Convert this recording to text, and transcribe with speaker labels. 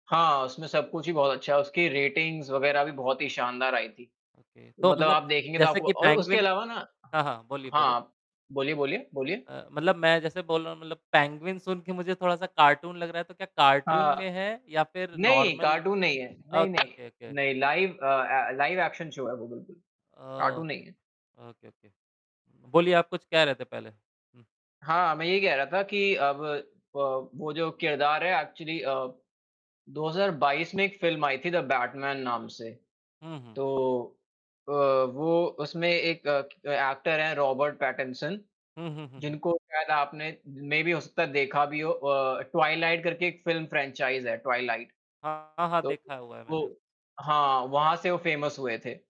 Speaker 1: हाँ, उसमें सब कुछ ही बहुत अच्छा है, उसकी रेटिंग्स वगैरह भी बहुत ही शानदार आई थी। तो
Speaker 2: ओके। तो
Speaker 1: मतलब
Speaker 2: मतलब
Speaker 1: आप देखेंगे तो
Speaker 2: जैसे
Speaker 1: आपको
Speaker 2: कि
Speaker 1: और उसके
Speaker 2: पैंगुइन
Speaker 1: अलावा ना
Speaker 2: हाँ, हाँ। बोलिए, बोलिए?
Speaker 1: हाँ। बोलिए, बोलिए, बोलिए?
Speaker 2: अ, मतलब मैं जैसे बोल रहा हूँ मतलब पैंगुइन सुन के मुझे थोड़ा-सा कार्टून लग रहा है, तो क्या कार्टून
Speaker 1: हाँ।
Speaker 2: में है या फ़िर
Speaker 1: नहीं,
Speaker 2: नॉर्मल?
Speaker 1: कार्टून नहीं है, नहीं,
Speaker 2: ओके,
Speaker 1: नहीं,
Speaker 2: ओके, ओके।
Speaker 1: नहीं लाइव अ अ, लाइव एक्शन शो है वो बिल्कुल। कार्टून
Speaker 2: ओके,
Speaker 1: नहीं है।
Speaker 2: ओके। Okay, okay. बोलिए आप कुछ कह रहे थे पहले? हुँ।
Speaker 1: हाँ, मैं ये कह रहा था कि अब अ, वो जो किरदार है एक्चुअली अ, 2022 में एक फ़िल्म आई थी "द बैटमैन" नाम से।
Speaker 2: हुँ, हुँ।
Speaker 1: तो अ, वो उसमें एक अ, एक्टर है रॉबर्ट पैटर्नसन,
Speaker 2: हुँ, हुँ, हुँ, हुँ।
Speaker 1: जिनको शायद आपने मेबी हो सकता है देखा भी हो अ, "ट्वाइलाइट" करके एक फ़िल्म फ्रेंचाइज़ है ट्वाइलाइट।
Speaker 2: हाँ, हाँ,
Speaker 1: तो
Speaker 2: देखा हुआ है
Speaker 1: वो
Speaker 2: मैंने।
Speaker 1: हाँ, वहाँ से वो फ़ेमस हुए थे।